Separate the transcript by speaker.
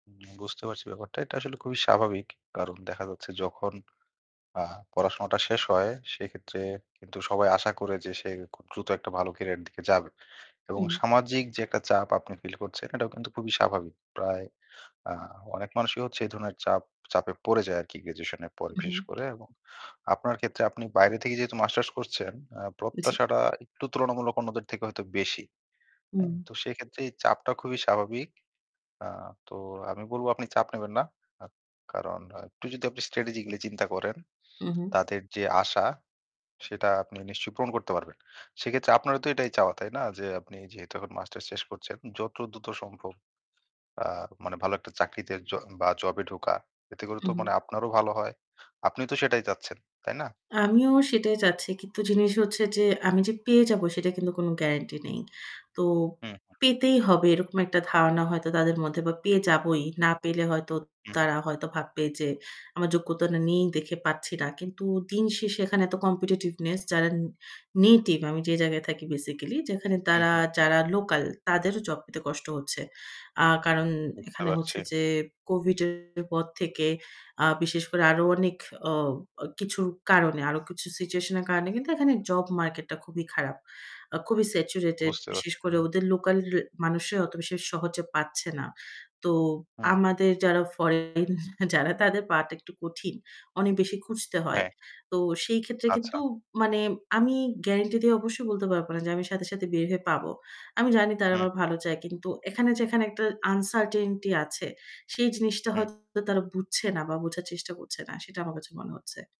Speaker 1: উম বুঝতে পারছি ব্যাপারটা। এটা আসলে খুবই স্বাভাবিক। কারণ দেখা যাচ্ছে যখন, আ পড়াশোনাটা শেষ হয় সেক্ষেত্রে কিন্তু সবাই আশা করে যে সে খুব দ্রুত একটা ভালো career-এর দিকে যাবে এবং
Speaker 2: হু।
Speaker 1: সামাজিক যে একটা চাপ আপনি feel করছেন এটাও কিন্তু খুবই স্বাভাবিক। প্রায়, আ অনেক মানুষই হচ্ছে এই ধরনের চাপ, চাপে পড়ে যায় আর কি graduation-এর পরে বিশেষ
Speaker 2: উহু।
Speaker 1: করে এবং আপনার ক্ষেত্রে আপনি বাইরে থেকে যেহেতু masters করছেন, আ
Speaker 2: জি।
Speaker 1: প্রত্যাশাটা একটু তুলনামূলক অন্যদের থেকে হয়তো বেশি। হ্যাঁ,
Speaker 2: উম
Speaker 1: তো সেক্ষেত্রে এই চাপটা খুবই স্বাভাবিক। আ তো আমি বলব আপনি চাপ নেবেন না। আ কারণ আ একটু যদি আপনি strategy গুলি চিন্তা করেন,
Speaker 2: উহু।
Speaker 1: তাদের যে আশা সেটা আপনি নিশ্চয়ই পূরণ করতে পারবেন। সেক্ষেত্রে আপনারও তো এটাই চাওয়া, তাই না? যে আপনি যেহেতু এখন masters শেষ করছেন, যত দ্রুত সম্ভব, আ মানে ভালো একটা চাকরিতে য বা job-এ ঢোকা। এতে করে তো মনে
Speaker 2: উহু।
Speaker 1: আপনারও ভালো হয়। আপনি তো সেটাই চাচ্ছেন, তাই না?
Speaker 2: আমিও সেটাই চাচ্ছি। কিন্তু জিনিস হচ্ছে যে আমি যে পেয়ে যাব সেটা কিন্তু কোন গ্যারান্টি নেই। তো
Speaker 1: হুম, হুম।
Speaker 2: পেতেই হবে এরকম একটা ধারণা হয়তো তাদের মধ্যে বা পেয়ে যাবই। না পেলে হয়তো
Speaker 1: উহু।
Speaker 2: তারা হয়তো ভাববে যে আমার যোগ্যতা নেই দেখে পাচ্ছি না। কিন্তু দিনশেষে এখানে তো competitiveness যারা native আমি যে জায়গায় থাকি basically যেখানে তারা
Speaker 1: উহু।
Speaker 2: যারা local তাদেরও job পেতে কষ্ট হচ্ছে। আ কারণ
Speaker 1: বুঝতে
Speaker 2: এখানে হচ্ছে
Speaker 1: পারছি।
Speaker 2: যে Covid-এর পর থেকে আ বিশেষ করে আরও অনেক অ অ কিছুর কারণে আরও কিছু situation-এর কারণে কিন্তু এখানে job market টা খুবই খারাপ। আ খুবই saturated
Speaker 1: বুঝতে
Speaker 2: বিশেষ
Speaker 1: পারছি,
Speaker 2: করে
Speaker 1: উহু।
Speaker 2: ওদের local মানুষরাই অত বেশি সহজে পাচ্ছে না। তো
Speaker 1: হু, হু।
Speaker 2: আমাদের যারা foreign যারা তাদের পাওয়াটা একটু কঠিন। অনেক বেশি খুঁজতে হয়।
Speaker 1: হ্যাঁ।
Speaker 2: তো সেই ক্ষেত্রে কিন্তু
Speaker 1: আচ্ছা।
Speaker 2: মানে আমি গ্যারান্টি দিয়ে অবশ্যই বলতে পারব না যে আমি সাথে, সাথে বের হয়ে পাব। আমি জানি তারা আমার
Speaker 1: হুম।
Speaker 2: ভালো চায় কিন্তু এখানে যেখানে একটা uncertainty আছে সেই জিনিসটা
Speaker 1: হুম।
Speaker 2: হয়তো তারা বুঝছে না বা বোঝার চেষ্টা করছে না সেটা আমার কাছে মনে হচ্ছে।